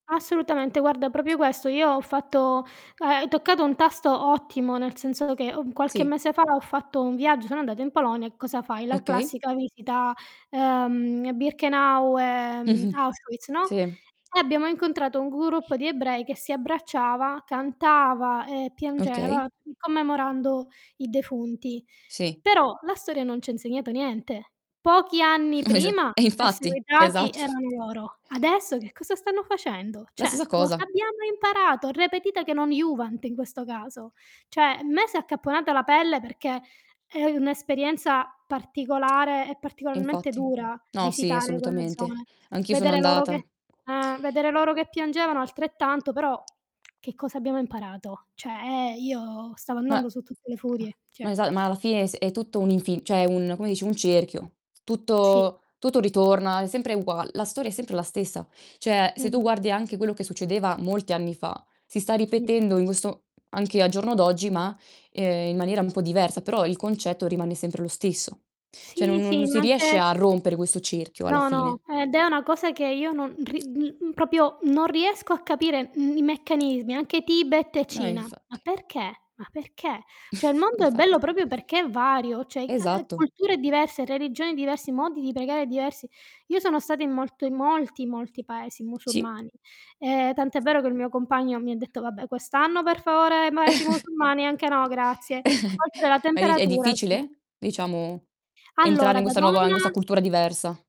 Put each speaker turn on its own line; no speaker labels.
Assolutamente, guarda proprio questo. Io ho fatto ehm, hai toccato un tasto ottimo, nel senso che, uhm, qualche
Sì.
mese fa ho fatto un viaggio, sono andata in Polonia, e cosa fai? La
Okay.
classica visita, ehm, a Birkenau, ehm,
Mh-mh.
Auschwitz, no,
Sì.
e abbiamo incontrato un gruppo di ebrei che si abbracciava, cantava e
Okay.
piangeva, commemorando i defunti.
Sì.
Però la storia non ci ha insegnato niente. Pochi anni
Esa
prima
eh
i
infatti,
perseguitati
esatto.
erano loro. Adesso che cosa stanno facendo?
La stessa
Cioè, cosa
cosa.
abbiamo imparato? Repetita che non iuvant in questo caso. Cioè a me si è accapponata la pelle, perché è un'esperienza particolare e
E
particolarmente
infatti.
dura
No, sì,
visitare quella
assolutamente.
zona,
Anch'io sono
vedere loro che
andata.
eh, vedere loro che piangevano altrettanto, però che cosa abbiamo imparato? Cioè ehm, io stavo
Ma
andando su tutte le furie,
ma
cioè
esa ma alla fine s è tutto un infin cioè un come dici, un cerchio.
Sì.
Tutto tutto ritorna, è sempre ugua la storia è sempre la stessa. Cioè se tu
Mh-mh.
guardi anche quello che succedeva molti anni fa, si sta
Mh.
ripetendo in questo anche al giorno d'oggi, ma, ehm, in maniera un po' diversa, però il concetto rimane sempre lo stesso. Cioè
Sì,
non
sì,
non
ma
si riesce
anche
a rompere questo cerchio alla
no, no,
fine.
ed è una cosa che io non ri uhm, proprio non riesco a capire, mhmm, i meccanismi. Anche Tibet e
No, e
Cina. Ma
infatti.
perché? Ma perché? Cioè il mondo è bello
Infatti.
proprio perché è vario, cioè ehm,
Esatto.
culture diverse, religioni diverse, modi di pregare diversi. Io sono stata in molto in molti, molti paesi
Sì.
musulmani. Ehm, tant'è vero che il mio compagno mi ha detto: "Vabbè, quest'anno per favore paesi musulmani anche no, grazie". Oltre alla
È di è
temperatura, [unintelligible]
difficile, diciamo, entrare
Allora,
in
da
questa nuova in
donna
questa cultura diversa?